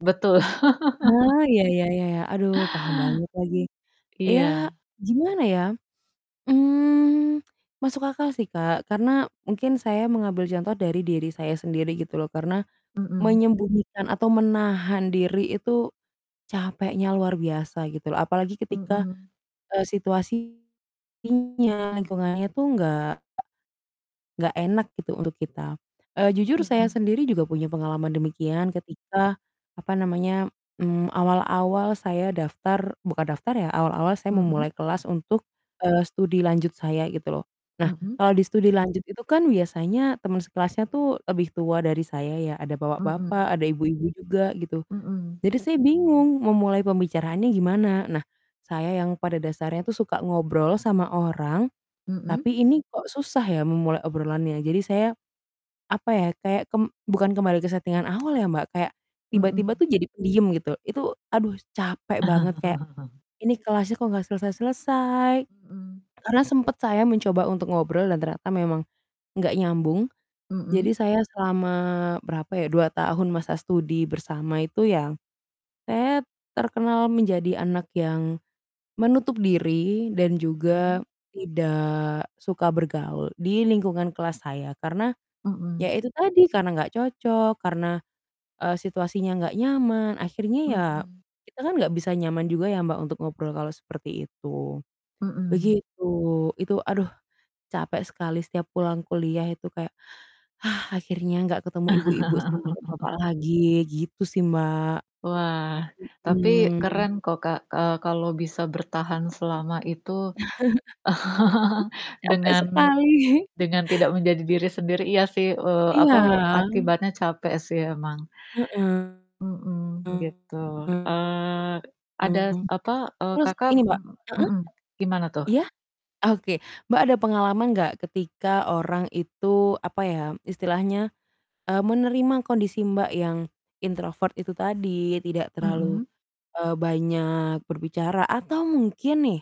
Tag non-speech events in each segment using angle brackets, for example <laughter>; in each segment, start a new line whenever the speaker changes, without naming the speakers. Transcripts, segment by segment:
Betul. <laughs>
Oh, ya ya ya ya. Aduh, paham banget lagi. Ya,
Iya.
gimana ya? Mmm, masuk akal sih, Kak. Karena mungkin saya mengambil contoh dari diri saya sendiri, gitu loh. Karena
Mhm.
menyembunyikan atau menahan diri itu capeknya luar biasa, gitu loh. Apalagi ketika,
Mhm.
eee, situasinya lingkungannya itu enggak enggak enak gitu untuk kita. Eee, jujur saya
Mhm.
sendiri juga punya pengalaman demikian. Ketika, apa namanya? Mmm, awal-awal saya daftar bukan daftar ya. Awal-awal saya
Mhm.
memulai kelas untuk, eee, studi lanjut saya, gitu loh. Nah,
Mhm.
kalau di studi lanjut itu kan biasanya teman sekelasnya tuh lebih tua dari saya ya. Ada
Mhm.
bapak-bapak, ada ibu-ibu juga, gitu.
Mhm.
Jadi, saya bingung memulai pembicaraannya gimana? Nah, saya yang pada dasarnya tuh suka ngobrol sama orang,
Mhm.
tapi ini kok susah ya memulai obrolannya. Jadi, saya, apa ya? Kayak kem bukan kembali ke settingan awal ya, Mbak. Kayak, tiba-tiba
Mhm.
tuh jadi pendiam, gitu. Itu aduh capek banget kayak,
<chuckles>
ini kelasnya kok nggak selesai-selesai.
Mhm.
Karena sempat saya mencoba untuk ngobrol dan ternyata memang nggak nyambung. Jadi,
Mhm.
saya selama berapa ya, 2 tahun masa studi bersama itu ya saya terkenal menjadi anak yang menutup diri dan juga,
Mhm.
tidak suka bergaul di lingkungan kelas saya. Karena ya
Mhm.
itu tadi, karena nggak cocok, karena, eee, situasinya nggak nyaman. Akhirnya ya,
Mhm.
kita kan nggak bisa nyaman juga ya, Mbak, untuk ngobrol kalau seperti itu.
Mhm.
Begitu. Itu aduh, capek sekali setiap pulang kuliah itu kayak, <exhales> akhirnya nggak ketemu ibu-ibu sama bapak-bapak
<laughs>
lagi, gitu sih, Mbak.
Wah. Tapi
Mhm.
keren kok, Kak, eee, kalau bisa bertahan selama itu <laughs>
<chuckles> E capek
dengan
sekali.
dengan tidak menjadi diri sendiri, iya sih, eee,
Iya.
apa? Akibatnya capek sih emang.
Heeh.
Mhm, gitu.
Mhm.
Eee, ada, apa eee,
Terus
Kakak,
ini, Mbak
mmm,
heeh?
mhm, gimana tuh?
Iya? Oke. Mbak, ada pengalaman nggak ketika orang itu, apa ya? Istilahnya, eee, menerima kondisi, Mbak, yang, introvert itu tadi. Tidak terlalu,
Mhm?
eee, banyak berbicara. Atau mungkin nih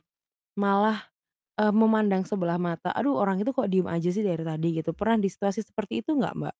malah, eee, memandang sebelah mata, "Aduh, orang itu kok diem aja sih dari tadi." Gitu. Pernah di situasi seperti itu nggak, Mbak?